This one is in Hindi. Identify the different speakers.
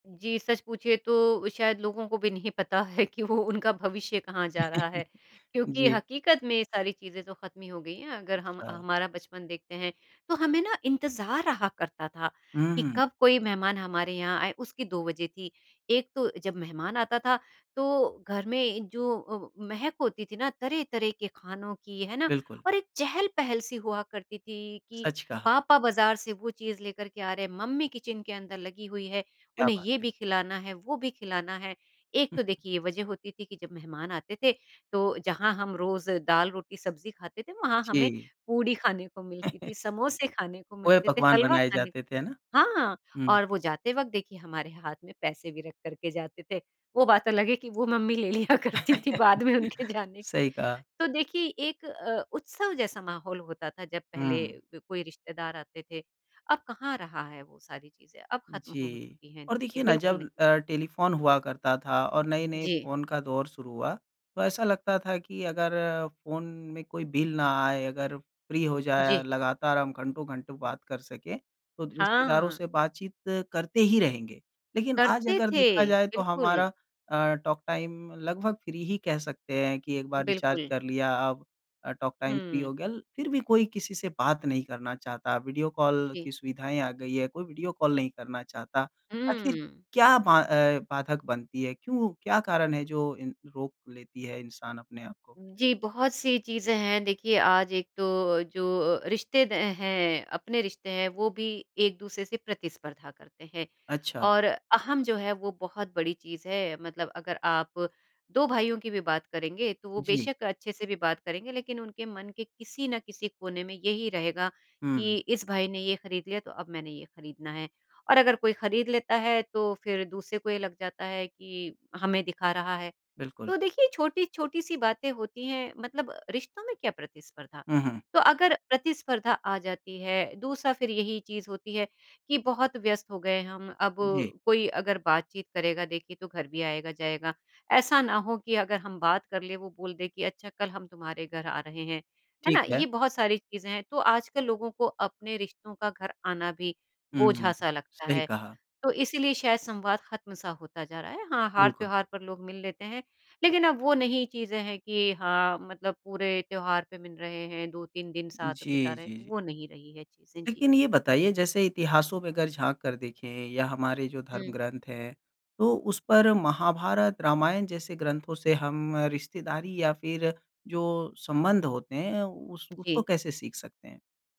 Speaker 1: जी, सच पूछिए तो शायद लोगों को भी नहीं पता है कि वो उनका भविष्य कहाँ जा रहा है क्योंकि
Speaker 2: जी।
Speaker 1: हकीकत में ये सारी चीज़ें तो ख़त्म हो गई हैं। अगर हम
Speaker 2: अच्छा।
Speaker 1: हमारा बचपन देखते हैं तो हमें ना इंतज़ार रहा करता था
Speaker 2: हुँ,
Speaker 1: कि
Speaker 2: हुँ।
Speaker 1: कब कोई मेहमान हमारे यहाँ आए, उसकी 2 वज़ह थी। एक तो जब मेहमान आता था तो घर में जो व महक होती थी ना तरह-तरह के खानों की, है ना?
Speaker 2: बिल्कुल।
Speaker 1: और एक चहल-पहल सी हुआ करती थी कि
Speaker 2: सच कहा।
Speaker 1: पापा बाज़ार से वो चीज़ लेकर के आ रहे हैं, मम्मी किचन के अंदर लगी हुई है
Speaker 2: क्या
Speaker 1: उन्हें
Speaker 2: बात
Speaker 1: ये
Speaker 2: है।
Speaker 1: भी खिलाना है, वो भी खिलाना है। एक
Speaker 2: हुँ।
Speaker 1: तो देखिए ये वज़ह होती थी कि जब मेहमान आते थे तो जहाँ हम रोज़ दाल-रोटी, सब्ज़ी खाते थे। वहाँ हमें
Speaker 2: जी।
Speaker 1: पूड़ी खाने को मिलती थी, समोसे खाने को मिलते थे,
Speaker 2: पोए-पकवान
Speaker 1: हलवा
Speaker 2: बनाए
Speaker 1: खाने को
Speaker 2: जाते थे है ना?
Speaker 1: हाँ
Speaker 2: हुँ।
Speaker 1: और वो जाते वक़्त देखिए हमारे हाथ में पैसे भी रख कर के जाते थे। वो बात अलग है कि वो मम्मी ले लिया करती थी बाद में उनके जाने के।
Speaker 2: सही कहा।
Speaker 1: तो देखिए एक अ, उत्सव जैसा माहौल होता था जब पहले
Speaker 2: हुँ।
Speaker 1: क कोई रिश्तेदार आते थे। अब कहाँ रहा है वो सारी चीज़ें, अब ख़त्म हो
Speaker 2: जी,
Speaker 1: चुकी हैं
Speaker 2: और
Speaker 1: देखिए
Speaker 2: देखिए ना
Speaker 1: बिल्कुल
Speaker 2: जब
Speaker 1: नहीं है।
Speaker 2: अ, टेलीफ़ोन हुआ करता था और नए-नए
Speaker 1: जी।
Speaker 2: फ़ोन का दौर शुरू हुआ। तो ऐसा लगता था कि अगर फ़ोन में कोई बिल ना आए अगर फ्री हो जाए
Speaker 1: जी।
Speaker 2: लगातार हम घंटों-घंटों बात कर सकें, तो रिश्तेदारों
Speaker 1: हाँ।
Speaker 2: से बातचीत करते ही रहेंगे। लेकिन आज
Speaker 1: करते
Speaker 2: अगर
Speaker 1: थे,
Speaker 2: देखा जाए तो
Speaker 1: बिल्कुल।
Speaker 2: हमारा अ, टॉक टाइम लगभग फ्री ही कह सकते हैं कि एक बार रिचार्ज
Speaker 1: बिल्कुल।
Speaker 2: कर लिया अब अ, टॉक टाइम फ्री
Speaker 1: हुँ।
Speaker 2: हो गया। फ़िर भी कोई किसी से बात नहीं करना चाहता, वीडियो कॉल
Speaker 1: जी।
Speaker 2: की सुविधाएँ आ गई हैं, कोई वीडियो कॉल नहीं करना चाहता। आखिर
Speaker 1: हुँ।
Speaker 2: क्या बा अ, बाधक बनती है? क्यों क्या कारण है जो इन रोक लेती है इंसान अपने आप को?
Speaker 1: जी, बहुत-सी चीज़ें हैं देखिए आज एक तो जो रिश्ते द हैं अपने रिश्ते हैं, वो भी एक-दूसरे से प्रतिस्पर्धा करते हैं।
Speaker 2: अच्छा।
Speaker 1: और अहम जो है वो बहुत बड़ी चीज़ है मतलब अगर आप 2 भाइयों की भी बात करेंगे। तो वो
Speaker 2: जी।
Speaker 1: बेशक अच्छे से भी बात करेंगे लेकिन उनके मन के किसी न किसी कोने में यही रहेगा कि
Speaker 2: हुँ।
Speaker 1: इस भाई ने ये ख़रीद लिया, तो अब मैंने ये खरीदना है। और अगर कोई खरीद लेता है तो फ़िर दूसरे को ये लग जाता है कि हमें दिखा रहा है।
Speaker 2: बिल्कुल।
Speaker 1: तो देखिए छोटी-छोटी सी बातें होती हैं मतलब रिश्तों में क्या प्रतिस्पर्धा?
Speaker 2: हुँ, हुँ।
Speaker 1: तो अगर प्रतिस्पर्धा आ जाती है दूसरा फ़िर यही चीज़ होती है कि बहुत व्यस्त हो गए हैं हम अब
Speaker 2: जी।
Speaker 1: कोई अगर बातचीत करेगा। देखिए, तो घर भी आएगा-जाएगा ऐसा ना हो कि अगर हम बात कर लें वो बोल दे कि अच्छा कल हम तुम्हारे घर आ रहे हैं। है ना?
Speaker 2: ठीक है।
Speaker 1: ये बहुत सारी चीजें हैं तो आजकल लोगों को अपने रिश्तों का घर आना भी
Speaker 2: हुँ, हुँ।
Speaker 1: बोझा-सा लगता
Speaker 2: सही
Speaker 1: है।
Speaker 2: कहा।
Speaker 1: तो इसीलिए शायद संवाद खत्म-सा होता जा रहा है हाँ, हार
Speaker 2: बिल्कुल।
Speaker 1: त्योहार पर लोग मिल लेते हैं। लेकिन अब वो नहीं चीज़े है कि हाँ, मतलब पूरे त्यौहार पे मिल रहे हैं 2-3 दिन साथ बिता
Speaker 2: जी,
Speaker 1: रहे हैं,
Speaker 2: जी, जी।
Speaker 1: वो नहीं रही है चीज़ें। जी।
Speaker 2: लेकिन ये बताइए जैसे इतिहासों में अगर झाँक कर देखें या हमारे जो धर्म
Speaker 1: हुँ।
Speaker 2: ग्रंथ हैं। तो उस पर महाभारत, रामायण जैसे ग्रंथों से हम रिश्तेदारी या फ़िर जो संबंध होते हैं उस उसको
Speaker 1: जी।
Speaker 2: कैसे सीख सकते हैं?